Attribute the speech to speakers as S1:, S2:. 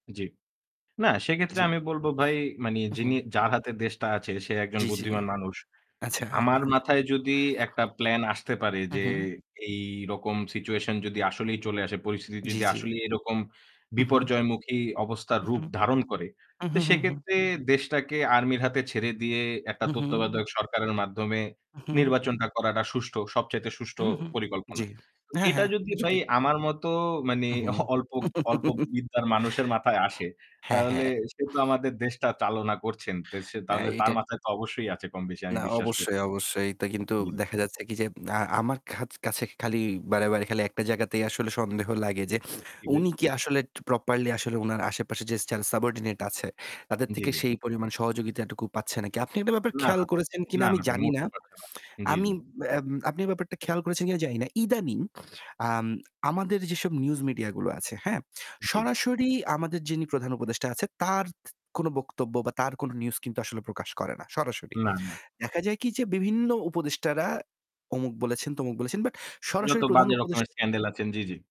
S1: জ্বি। না সেক্ষেত্রে
S2: জ্বি।
S1: আমি বলবো ভাই মানে
S2: উ
S1: যিনি
S2: হুম।
S1: যার হাতে দেশটা আছে সে একজন
S2: জ্বি, জ্বি।
S1: বুদ্ধিমান মানুষ।
S2: আচ্ছা।
S1: আমার মাথায় যদি একটা প্ল্যান আসতে পারে
S2: হু,
S1: যে
S2: হু।
S1: এইরকম সিচুয়েশন যদি আসলেই চলে আসে পরিস্থিতি
S2: জ্বি,
S1: যদি
S2: জ্বি।
S1: আসলেই এরকম
S2: হু, হু।
S1: বিপর্যয়মুখী অবস্থার
S2: উহ হু,
S1: রূপ ধারণ করে। তো
S2: হু। হু, হু।।
S1: সেক্ষেত্রে দেশটাকে আর্মির হাতে ছেড়ে দিয়ে একটা
S2: হু, হু।
S1: তত্ত্বাবধায়ক সরকারের মাধ্যমে
S2: উহু।
S1: নির্বাচনটা করাটা সুষ্ঠ সবচাইতে সুষ্ঠ
S2: হু, হু।
S1: পরিকল্পনা।
S2: জ্বী। হ্যাঁ,
S1: এটা
S2: হ্যাঁ
S1: যদি
S2: [unintelligible]
S1: ভাই
S2: সঠিক।
S1: আমার মত মানে
S2: হু, হু।
S1: অল্প অল্প বিদ্যার মানুষের মাথায় আসে
S2: হ্যাঁ,
S1: তাহলে
S2: হ্যাঁ।
S1: সে তো আমাদের দেশটা চালনা করছেন। সে
S2: এ
S1: তাহলে তার
S2: এইটাই।
S1: মাথায় তো অবশ্যই আছে কমবেশি আমি
S2: না
S1: বিশ্বাস করি।
S2: অবশ্যই, অবশ্যই। এটা কিন্তু
S1: জি, জি।
S2: দেখা যাচ্ছে কি যে আ আমার কা কাছে খালি বারেবারেই খালি একটা জায়গাতেই আসলে সন্দেহ লাগে যে
S1: জি ভাই?
S2: উনি কি আসলে প্রপারলি আসলে উনার আশেপাশে যে সেলস সাবঅর্ডিনেট আছে তাদের
S1: জ্বি,
S2: থেকে
S1: জ্বি।
S2: সেই পরিমাণ সহযোগিতাটুকু পাচ্ছে নাকি? আপনি একটা ব্যাপার
S1: না,
S2: খেয়াল
S1: না,
S2: করেছেন কিনা
S1: না,
S2: আমি
S1: না ভাই,
S2: জানি না।
S1: মোটেও
S2: এ
S1: পারছে না। জ্বি,
S2: আমি
S1: জ্বি।
S2: আপনি এই ব্যাপারটা খেয়াল করেছেন কিনা জানি না। ইদানিং আম আমাদের যেসব নিউজ মিডিয়াগুলো আছে, হ্যাঁ,
S1: জ্বী।
S2: সরাসরি আমাদের যিনি প্রধান উপদেষ্টা আছে তার কোন বক্তব্য বা তার কোন নিউজ কিন্তু আসলে প্রকাশ করে না। সরাসরি।
S1: না, না।
S2: দেখা যায় কি যে বিভিন্ন উপদেষ্টারা অমুক বলেছেন, তমুক বলেছেন বাট
S1: যত
S2: সরাসরি প্রধান
S1: বাজে রকমের
S2: উপদেষ
S1: স্ক্যান্ডাল আছেন জ্বি, জ্বি।